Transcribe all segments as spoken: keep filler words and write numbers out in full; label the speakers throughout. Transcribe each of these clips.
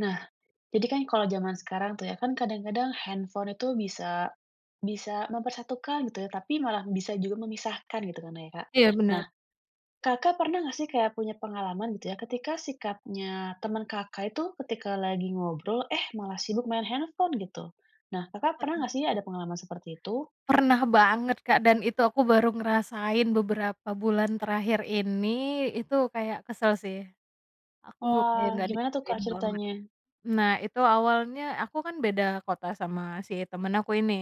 Speaker 1: Nah, jadi kan kalau jaman sekarang tuh ya, kan kadang-kadang handphone itu bisa, bisa mempersatukan gitu ya, tapi malah bisa juga memisahkan gitu kan ya, Kak.
Speaker 2: Iya,
Speaker 1: Nah,
Speaker 2: benar.
Speaker 1: Kakak pernah nggak sih kayak punya pengalaman gitu ya, ketika sikapnya temen Kakak itu ketika lagi ngobrol, eh, malah sibuk main handphone, gitu? Nah, Kakak pernah
Speaker 2: Pernah.
Speaker 1: nggak sih ada pengalaman seperti itu?
Speaker 2: Pernah banget, Kak, dan itu aku baru ngerasain beberapa bulan terakhir ini. Itu kayak kesel, sih. Aku
Speaker 1: Wah,
Speaker 2: kayak nggak
Speaker 1: gimana tuh, Kak,
Speaker 2: dihargain banget.
Speaker 1: ceritanya?
Speaker 2: Nah, itu awalnya aku kan beda kota sama si temen aku ini.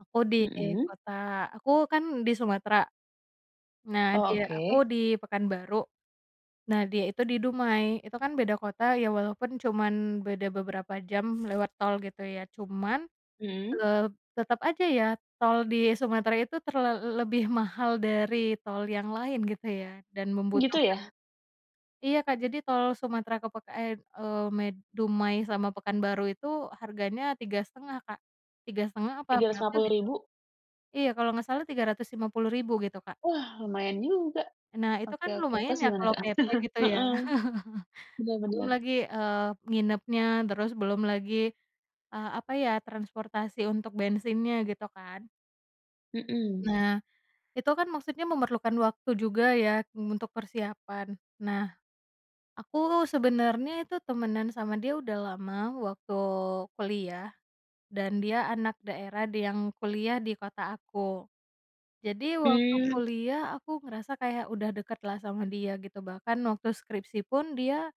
Speaker 2: Aku di
Speaker 1: Mhm?
Speaker 2: kota aku kan di Sumatera, nah
Speaker 1: Oh,
Speaker 2: dia aku
Speaker 1: oke.
Speaker 2: di Pekanbaru, nah, dia itu di Dumai. Itu kan beda kota ya, walaupun cuman beda beberapa jam lewat tol, gitu ya. Cuman,
Speaker 1: Mhm.
Speaker 2: eee, tetep aja ya, tol di Sumatera itu terlal lebih mahal dari tol yang lain gitu ya, dan
Speaker 1: Gitu,
Speaker 2: membutuhkan
Speaker 1: ya?
Speaker 2: Iya, Kak, jadi tol Sumatera ke pekan eee, med Dumai sama Pekanbaru itu harganya tiga setengah Kak. tiga setengah apa
Speaker 1: tiga ratus lima
Speaker 2: berapa,
Speaker 1: puluh
Speaker 2: gitu?
Speaker 1: ribu.
Speaker 2: Iya, kalau gak salah tiga ratus lima puluh ribu gitu, Kak.
Speaker 1: Wah, lumayan juga.
Speaker 2: Nah, itu
Speaker 1: Oke
Speaker 2: kan
Speaker 1: oke.
Speaker 2: lumayan
Speaker 1: Terus
Speaker 2: ya
Speaker 1: gimana,
Speaker 2: kalau
Speaker 1: Kak?
Speaker 2: PP gitu, ya.
Speaker 1: Heeh. Bener
Speaker 2: Belum
Speaker 1: bener.
Speaker 2: lagi, eee, nginepnya, terus belum lagi, eee, apa ya, transportasi untuk bensinnya, gitu kan.
Speaker 1: Mhm.
Speaker 2: Nah, itu kan maksudnya memerlukan waktu juga ya, eee, untuk persiapan. Nah, aku sebenernya itu temenan sama dia udah lama, waktu kuliah dan dia anak daerah d yang kuliah di kota aku. Jadi waktu
Speaker 1: Mmm.
Speaker 2: kuliah, aku ngerasa kayak udah deketlah sama dia gitu, bahkan waktu skripsi pun dia,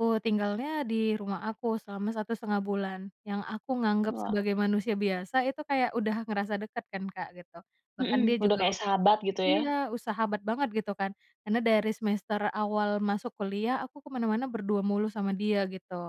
Speaker 2: eee, tinggalnya di rumah aku selama satu setengah bulan, yang aku nganggep
Speaker 1: Wah.
Speaker 2: sebagai manusia biasa itu kayak udah ngerasa deket kan, Kak, gitu. Bahkan dia
Speaker 1: Mhm, udah
Speaker 2: juga
Speaker 1: kayak
Speaker 2: ud
Speaker 1: sahabat gitu, ya.
Speaker 2: iya, e sahabat banget, gitu kan. Karena dari semester awal masuk kuliah aku ke mana-mana berdua mulu sama dia, gitu.